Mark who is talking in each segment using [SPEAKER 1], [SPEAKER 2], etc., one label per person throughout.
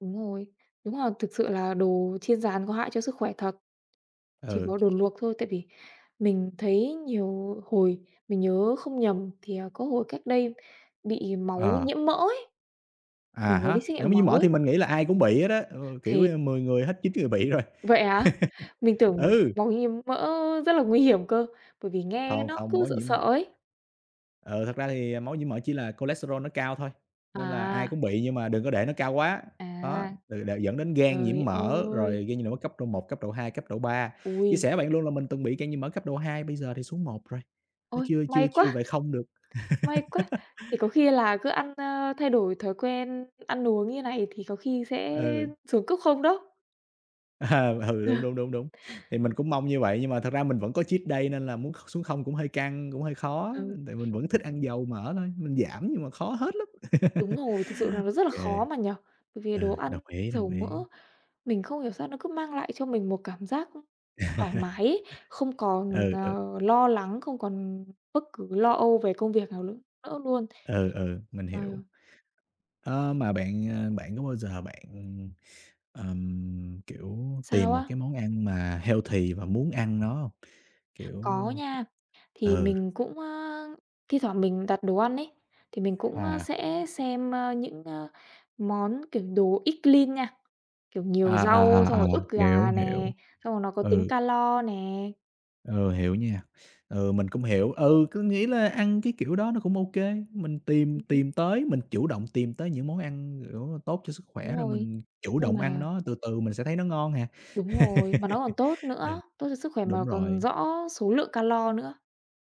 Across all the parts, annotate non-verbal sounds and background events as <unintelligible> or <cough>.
[SPEAKER 1] Đúng rồi, đúng là thực sự là đồ chiên rán có hại cho sức khỏe thật. Chỉ
[SPEAKER 2] Ừ.
[SPEAKER 1] có đồ luộc thôi, tại vì mình thấy nhiều hồi mình nhớ không nhầm thì, ờ, có hồi cách đây bị máu
[SPEAKER 2] Ờ.
[SPEAKER 1] nhiễm mỡ ấy,
[SPEAKER 2] À
[SPEAKER 1] mình có
[SPEAKER 2] há,
[SPEAKER 1] đi xét
[SPEAKER 2] máu
[SPEAKER 1] nghiệm
[SPEAKER 2] nhiễm
[SPEAKER 1] máu
[SPEAKER 2] mỡ thì
[SPEAKER 1] ấy.
[SPEAKER 2] mình nghĩ là ai cũng bị hết á, ờ, kiểu,
[SPEAKER 1] Thì
[SPEAKER 2] ơ, 10 người hết 9 người bị rồi. <laughs>
[SPEAKER 1] Vậy hả? Mình tưởng
[SPEAKER 2] Ừ.
[SPEAKER 1] máu nhiễm mỡ rất là nguy hiểm cơ, bởi vì nghe
[SPEAKER 2] Không,
[SPEAKER 1] nó
[SPEAKER 2] không,
[SPEAKER 1] cứ
[SPEAKER 2] máu
[SPEAKER 1] sợ
[SPEAKER 2] nhiễm
[SPEAKER 1] sợ
[SPEAKER 2] mỡ
[SPEAKER 1] ấy.
[SPEAKER 2] ờ, thật ra thì, ờ, máu nhiễm mỡ chỉ là cholesterol nó cao thôi, nên là ai
[SPEAKER 1] À.
[SPEAKER 2] cũng bị nhưng mà đừng có để nó cao quá. Đó,
[SPEAKER 1] À,
[SPEAKER 2] ừ, là dẫn đến gan
[SPEAKER 1] giời
[SPEAKER 2] nhiễm mỡ,
[SPEAKER 1] ơi.
[SPEAKER 2] rồi gan nhiễm mỡ cấp độ 1, cấp độ 2, cấp độ 3. Chia
[SPEAKER 1] Ôi.
[SPEAKER 2] sẻ với bạn luôn là mình từng bị gan nhiễm mỡ cấp độ 2 bây giờ thì xuống 1 rồi, nó
[SPEAKER 1] Ôi,
[SPEAKER 2] chưa chưa
[SPEAKER 1] may quá,
[SPEAKER 2] chưa về 0 được.
[SPEAKER 1] may quá.
[SPEAKER 2] <laughs>
[SPEAKER 1] Thì có khi là cứ ăn, ơ, thay đổi thói quen ăn uống như này thì có khi sẽ
[SPEAKER 2] Ừ.
[SPEAKER 1] xuống cấp 0 đó.
[SPEAKER 2] À, ừ đúng,
[SPEAKER 1] Ờ.
[SPEAKER 2] đúng, đúng, đúng. Thì mình cũng mong như vậy nhưng mà thật ra mình vẫn có
[SPEAKER 1] <unintelligible>
[SPEAKER 2] cheat day nên là muốn kh xuống 0 cũng hơi căng, cũng hơi khó.
[SPEAKER 1] Ừ.
[SPEAKER 2] Tại mình vẫn thích ăn dầu mỡ thôi, mình giảm nhưng mà khó hết lắm. <laughs>
[SPEAKER 1] Đúng rồi, thực sự là nó
[SPEAKER 2] Ô
[SPEAKER 1] rất là
[SPEAKER 2] kê.
[SPEAKER 1] khó mà nhỉ? Bởi vì đồ
[SPEAKER 2] Ừ,
[SPEAKER 1] ăn
[SPEAKER 2] đồng ý,
[SPEAKER 1] dầu
[SPEAKER 2] đồng ý.
[SPEAKER 1] mỡ, mình không hiểu sao nó cứ mang lại cho mình một cảm giác, ưm, thoải mái ấy, không
[SPEAKER 2] <laughs>
[SPEAKER 1] còn,
[SPEAKER 2] Ừ, ừ.
[SPEAKER 1] ờ, lo lắng, không còn bấc cứ lo âu về công việc nào nữa nữa luôn.
[SPEAKER 2] Ừ, ừ, mình
[SPEAKER 1] Trời
[SPEAKER 2] hiểu.
[SPEAKER 1] ơi.
[SPEAKER 2] Ơ, mà bạn, à, bạn có bao giờ bạn, ừm, ờm, kiểu, tìm
[SPEAKER 1] Sao
[SPEAKER 2] một
[SPEAKER 1] á?
[SPEAKER 2] cái món ăn mà healthy và muốn ăn nó hông? Kiểu
[SPEAKER 1] Có nha, thì
[SPEAKER 2] ừ.
[SPEAKER 1] mình cũng, a, thi thoảng mình đặt đồ ăn ấy, thì mình cũng
[SPEAKER 2] À.
[SPEAKER 1] sẽ xem, a, những á món, kiểu, đồ eat clean nha, kiểu, nhiều
[SPEAKER 2] À,
[SPEAKER 1] rau
[SPEAKER 2] à,
[SPEAKER 1] xong
[SPEAKER 2] à, à,
[SPEAKER 1] rồi ức
[SPEAKER 2] hiểu,
[SPEAKER 1] gà
[SPEAKER 2] hiểu.
[SPEAKER 1] nè, xong rồi nó có tính
[SPEAKER 2] Ừ.
[SPEAKER 1] calo nè.
[SPEAKER 2] Ừ, hiểu nha. Ừ, mình cũng hiểu, ừ, cứ nghĩ là ăn cái kiểu đó nó cũng ô kê, mình tìm
[SPEAKER 1] Ừm hứm.
[SPEAKER 2] tìm tới mình chủ động tìm tới những món ăn, kiểu, tốt cho sức
[SPEAKER 1] Đúng
[SPEAKER 2] khỏe rồi
[SPEAKER 1] rồi,
[SPEAKER 2] mình chủ
[SPEAKER 1] nhưng
[SPEAKER 2] động ăn
[SPEAKER 1] mà
[SPEAKER 2] nó từ từ mình sẽ thấy nó ngon à.
[SPEAKER 1] Đúng rồi, mà nó
[SPEAKER 2] <laughs>
[SPEAKER 1] còn tốt
[SPEAKER 2] Ừ,
[SPEAKER 1] nữa, tốt cho sức khỏe mà
[SPEAKER 2] đúng
[SPEAKER 1] còn
[SPEAKER 2] rồi.
[SPEAKER 1] rõ số lượng calo nữa.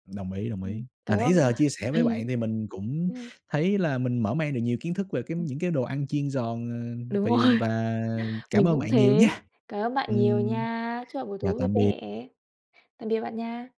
[SPEAKER 2] Đồng ý, đồng
[SPEAKER 1] Ừm,
[SPEAKER 2] ý.
[SPEAKER 1] có
[SPEAKER 2] Mà nãy
[SPEAKER 1] hôm mà
[SPEAKER 2] giờ chia sẻ với bạn
[SPEAKER 1] <chuckles>
[SPEAKER 2] thì mình cũng
[SPEAKER 1] vậy hả?
[SPEAKER 2] thấy là mình mở mang được nhiều kiến thức về cái
[SPEAKER 1] Ừm.
[SPEAKER 2] những cái đồ ăn chiên giòn, ờ,
[SPEAKER 1] Đúng
[SPEAKER 2] vì
[SPEAKER 1] rồi,
[SPEAKER 2] và cảm
[SPEAKER 1] mình
[SPEAKER 2] ơn
[SPEAKER 1] cũng
[SPEAKER 2] bạn nhiều
[SPEAKER 1] thế,
[SPEAKER 2] nha.
[SPEAKER 1] cám ơn bạn nhiều
[SPEAKER 2] Ừm,
[SPEAKER 1] nha. Chúc bạn buổi
[SPEAKER 2] chào
[SPEAKER 1] tối vui
[SPEAKER 2] tạm biệt.
[SPEAKER 1] vẻ, tạm biệt bạn nha.